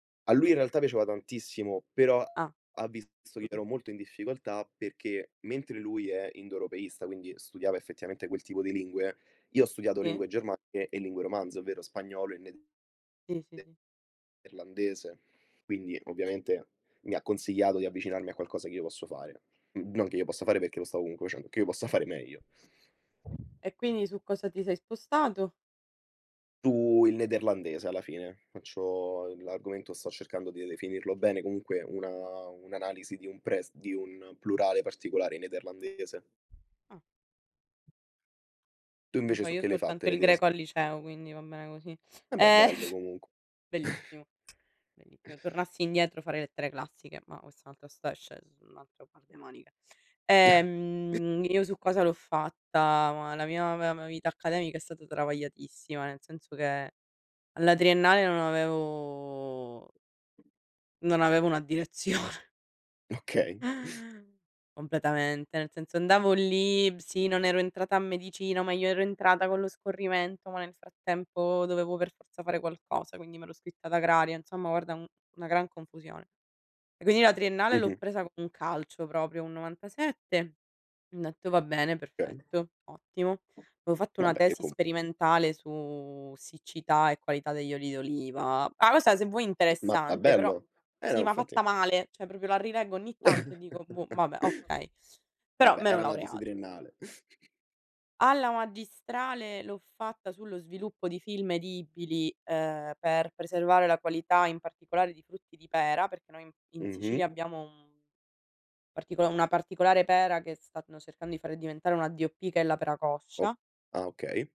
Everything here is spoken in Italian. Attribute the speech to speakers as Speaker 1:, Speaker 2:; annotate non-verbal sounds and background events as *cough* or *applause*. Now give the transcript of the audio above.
Speaker 1: A lui in realtà piaceva tantissimo, però
Speaker 2: Ah.
Speaker 1: ha visto che io ero molto in difficoltà, perché mentre lui è indoeuropeista, quindi studiava effettivamente quel tipo di lingue, io ho studiato
Speaker 2: Sì.
Speaker 1: lingue germaniche e lingue romanze, ovvero spagnolo e ned
Speaker 2: Sì, sì,
Speaker 1: de
Speaker 2: sì.
Speaker 1: erlandese, quindi ovviamente mi ha consigliato di avvicinarmi a qualcosa che io posso fare. Mhmm, non che io possa fare perché lo stavo comunque facendo, che io possa fare meglio.
Speaker 2: E quindi su cosa ti sei spostato?
Speaker 1: Su il nederlandese alla fine, faccio l'argomento sto cercando di definirlo bene, comunque una un'analisi di un pres di un plurale particolare in nederlandese.
Speaker 2: Ah.
Speaker 1: Tu
Speaker 2: Non lo
Speaker 1: invece
Speaker 2: so,
Speaker 1: su
Speaker 2: io
Speaker 1: che le hai fatte
Speaker 2: soltanto
Speaker 1: le
Speaker 2: il
Speaker 1: tesi?
Speaker 2: greco al liceo quindi va bene così.
Speaker 1: Embè
Speaker 2: Eh.
Speaker 1: bello
Speaker 2: *chuckles*
Speaker 1: comunque. *chuckles*
Speaker 2: Bellissimo, bellissimo tornassi indietro farei lettere classiche, ma questa è un'altra sta sc es è un altro par de manica.
Speaker 1: *chuckles*
Speaker 2: Ehm, io su cosa l'ho fatta? Ma la mia me vita accademica è stata travagliatissima, nel senso che alla triennale non avevo non avevo una direzione.
Speaker 1: Okay.
Speaker 2: Completamente, nel senso andavo lì, b sì non ero entrata a medicina, ma io ero entrata con lo scorrimento, ma nel frattempo dovevo per forza fare qualcosa, quindi m'ero iscritta ad agraria, insomma guarda un una gran confusione. E quindi la triennale l'ho
Speaker 1: Mh-mh.
Speaker 2: presa con un calcio proprio, un 97. Ho detto: "Va bene
Speaker 1: Okay.
Speaker 2: perfetto, ottimo". Avevo fatto una
Speaker 1: Vabbé io
Speaker 2: tesi
Speaker 1: com
Speaker 2: sperimentale su siccità e qualità degli oli d'oliva. Ma questa se vuoi
Speaker 1: Ma ma
Speaker 2: interessante, però,
Speaker 1: bello. Eh no
Speaker 2: sì ma fatta
Speaker 1: infatti.
Speaker 2: male, cioè proprio la rileggo ogni tanto e dico: "Boh
Speaker 1: *chuckles*
Speaker 2: vabbè, okay", però
Speaker 1: Vabbè
Speaker 2: m'ero
Speaker 1: era una tesi
Speaker 2: laureata.
Speaker 1: triennale. *chuckles*
Speaker 2: Alla magistrale, l'ho fatta sullo sviluppo di film edibili, ehm, per preservare la qualità in particolare di frutti di pera, perché noi, mhmm, in
Speaker 1: Mh-mh.
Speaker 2: Sicilia abbiamo un partico una particolare pera che stanno cercando di fare diventare una D.O.P. che è la pera
Speaker 1: O
Speaker 2: coscia.
Speaker 1: ah okay.